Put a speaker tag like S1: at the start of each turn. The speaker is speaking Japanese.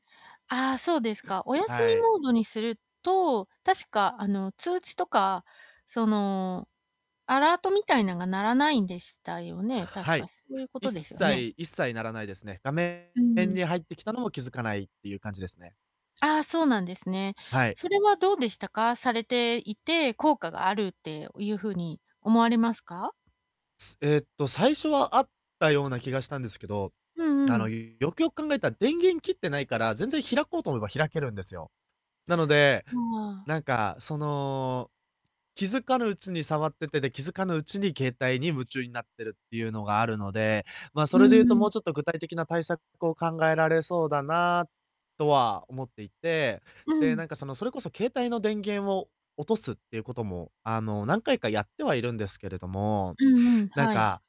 S1: ああ、そうですか。お休み
S2: はい。
S1: モードにすると、確か、あの、通知とか、その、アラートみたいなんが鳴らないんでしたよね？確
S2: は
S1: か、
S2: い、
S1: そうゆうこ
S2: 一
S1: とですよね？
S2: 切一切ならないですね。がめ
S1: う
S2: ん
S1: ん。
S2: に入ってきたのも気づかないってゆう感じですね。
S1: ああ、そうなんですね。
S2: はい。
S1: それはどうでしたか？されていて、効果があるって、おゆうふうに思われますか？
S2: えっと、最初はあったような気がしたんですけど、
S1: うん
S2: あ
S1: う
S2: の、
S1: ん。
S2: よくよく考えた、電源切ってないから、全然開こうと思えば開けるんですよ。なので、
S1: うん、ああ。
S2: なんか、その、気づかぬうちに触ってて、で、気づかぬうちに携帯に夢中になってるってゆうのがあるので、ま、そ
S1: うー
S2: れでゆうと、も
S1: ん。
S2: うちょっと具体的な対策を考えられそうだなとは思っていて、
S1: う
S2: で、
S1: ん。
S2: なんか、その、それこそ携帯の電源を落とすっていうことも、あの、何回かやってはいるんですけれども、
S1: うんうん、
S2: なん
S1: はい。
S2: か